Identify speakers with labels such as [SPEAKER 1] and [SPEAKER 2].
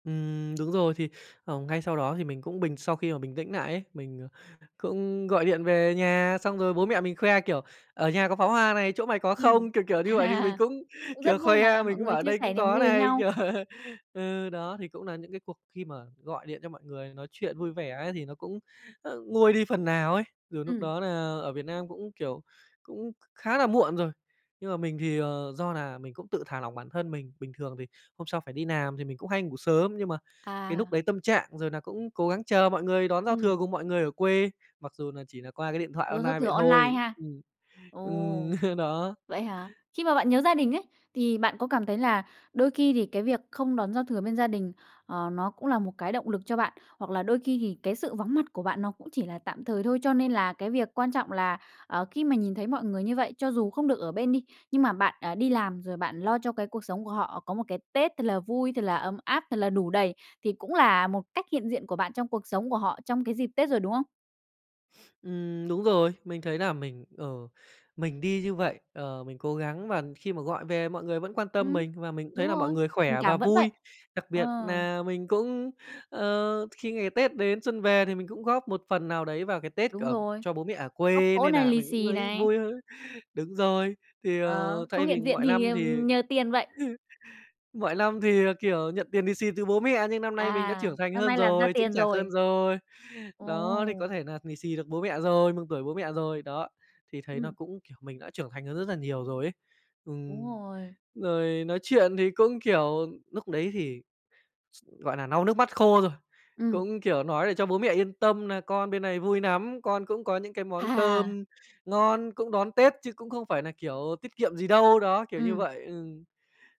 [SPEAKER 1] Ừm, đúng rồi thì, ờ, ngay sau đó thì mình cũng bình sau khi mà bình tĩnh nại ấy. Mình, à, cũng gọi điện về nhà, xong rồi bố mẹ mình khoe, kiểu: "Ở nhà có pháo hoa này, chỗ mày có
[SPEAKER 2] Ừm.
[SPEAKER 1] không?" Kiểu, kiểu, như vậy thì mình cũng,
[SPEAKER 2] Cũng rất
[SPEAKER 1] kiểu,
[SPEAKER 2] vui mà,
[SPEAKER 1] khoe, mình
[SPEAKER 2] mọi
[SPEAKER 1] cũng
[SPEAKER 2] người
[SPEAKER 1] bảo: "Ở
[SPEAKER 2] chia
[SPEAKER 1] đây cũng
[SPEAKER 2] sẻ niềm
[SPEAKER 1] có
[SPEAKER 2] vui với
[SPEAKER 1] này."
[SPEAKER 2] nhau.
[SPEAKER 1] Kiểu ừ, đó thì cũng nà những cái cuộc khi mà gọi điện cho mọi người nói chuyện vui vẻ ấy thì nó cũng, ơ, nguôi đi phần nào ấy, dù núc
[SPEAKER 2] Ừm.
[SPEAKER 1] đó nà ở Việt Nam cũng, kiểu, cũng khá là muộn rồi, nhưng mà mình thì, ờ, do là mình cũng tự thả lỏng bản thân mình. Bình thường thì hôm sau phải đi làm thì mình cũng hay ngủ sớm, nhưng mà cái núc
[SPEAKER 2] À.
[SPEAKER 1] đấy tâm trạng, rồi nà cũng cố gắng chờ mọi người đón giao
[SPEAKER 2] Ừm.
[SPEAKER 1] thừa cùng mọi người ở quê, mặc dù nà chỉ nà qua cái điện thoại
[SPEAKER 2] Đón
[SPEAKER 1] on
[SPEAKER 2] giao
[SPEAKER 1] nai
[SPEAKER 2] thừa
[SPEAKER 1] vậy
[SPEAKER 2] online
[SPEAKER 1] thôi.
[SPEAKER 2] ha?
[SPEAKER 1] Ừm. Ừm,
[SPEAKER 2] Ồ!
[SPEAKER 1] đó.
[SPEAKER 2] Vậy hả? Khi mà bạn nhớ gia đình ấy, thì bạn có cảm thấy là đôi khi thì cái việc không đón giao thừa bên gia đình, ờ, nó cũng là một cái động lực cho bạn, hoặc là đôi khi thì cái sự vắng mặt của bạn nó cũng chỉ là tạm thời thôi? Cho nên là cái việc quan trọng là, ờ, khi mà nhìn thấy mọi người như vậy, cho dù không được ở bên đi, nhưng mà bạn, à, đi làm rồi bạn lo cho cái cuộc sống của họ có một cái Tết thật là vui, thật là ấm áp, thật là đủ đầy, thì cũng là một cách hiện diện của bạn trong cuộc sống của họ, trong cái dịp Tết rồi, đúng không?
[SPEAKER 1] Ừm, đúng rồi, mình thấy nà mình, ờ, mình đi như vậy, ờ, mình cố gắng và khi mà gọi về mọi người vẫn quan tâm
[SPEAKER 2] Ừm.
[SPEAKER 1] mình và mình cũng
[SPEAKER 2] Đúng
[SPEAKER 1] thấy là mọi
[SPEAKER 2] rồi.
[SPEAKER 1] người
[SPEAKER 2] Tình
[SPEAKER 1] khỏe và
[SPEAKER 2] cảm vẫn vậy.
[SPEAKER 1] vui. Đặc
[SPEAKER 2] Ờ.
[SPEAKER 1] biệt nà mình cũng, ờ, khi ngày Tết đến xuân về thì mình cũng góp một phần nào đấy vào cái Tết
[SPEAKER 2] Đúng
[SPEAKER 1] ở
[SPEAKER 2] rồi.
[SPEAKER 1] cho bố mẹ ở
[SPEAKER 2] Góp
[SPEAKER 1] quê,
[SPEAKER 2] cỗ
[SPEAKER 1] nên
[SPEAKER 2] này,
[SPEAKER 1] nà
[SPEAKER 2] lì
[SPEAKER 1] mình cũng
[SPEAKER 2] xì
[SPEAKER 1] thấy
[SPEAKER 2] này.
[SPEAKER 1] vui hơn. Đúng rồi. Thì,
[SPEAKER 2] Ờ,
[SPEAKER 1] ờ,
[SPEAKER 2] không
[SPEAKER 1] thay vì
[SPEAKER 2] hiện diện
[SPEAKER 1] mọi
[SPEAKER 2] thì,
[SPEAKER 1] năm thì
[SPEAKER 2] ừm, nhờ tiền vậy.
[SPEAKER 1] mọi năm thì, ờ, kiểu, nhận tiền lì xì từ bố mẹ nhưng năm nay mình đã
[SPEAKER 2] À!
[SPEAKER 1] trưởng thành
[SPEAKER 2] Năm
[SPEAKER 1] hơn
[SPEAKER 2] nay làm ra
[SPEAKER 1] rồi, chững
[SPEAKER 2] tiền
[SPEAKER 1] chạc hơn
[SPEAKER 2] rồi.
[SPEAKER 1] rồi. Đó, thì có
[SPEAKER 2] Ồ!
[SPEAKER 1] thể nà lì xì được bố mẹ rồi, mừng tuổi bố mẹ rồi. Đó, thì thấy nó
[SPEAKER 2] Ừm.
[SPEAKER 1] cũng, kiểu, mình đã trưởng thành hơn rất nà nhiều rồi ấy.
[SPEAKER 2] Đúng
[SPEAKER 1] Ừm.
[SPEAKER 2] rồi.
[SPEAKER 1] Rồi nói chuyện thì cũng, kiểu, núc đấy thì, s gọi nà, lau nước mắt khô rồi,
[SPEAKER 2] Ừm.
[SPEAKER 1] cũng, kiểu, nói để cho bố mẹ yên tâm nà con bên này vui nắm, con cũng có những cái món
[SPEAKER 2] À.
[SPEAKER 1] cơm ngon cũng đón Tết, chứ cũng không phải nà, kiểu, tiết kiệm gì đâu. Đó, kiểu như
[SPEAKER 2] Ừm.
[SPEAKER 1] vậy, ừm.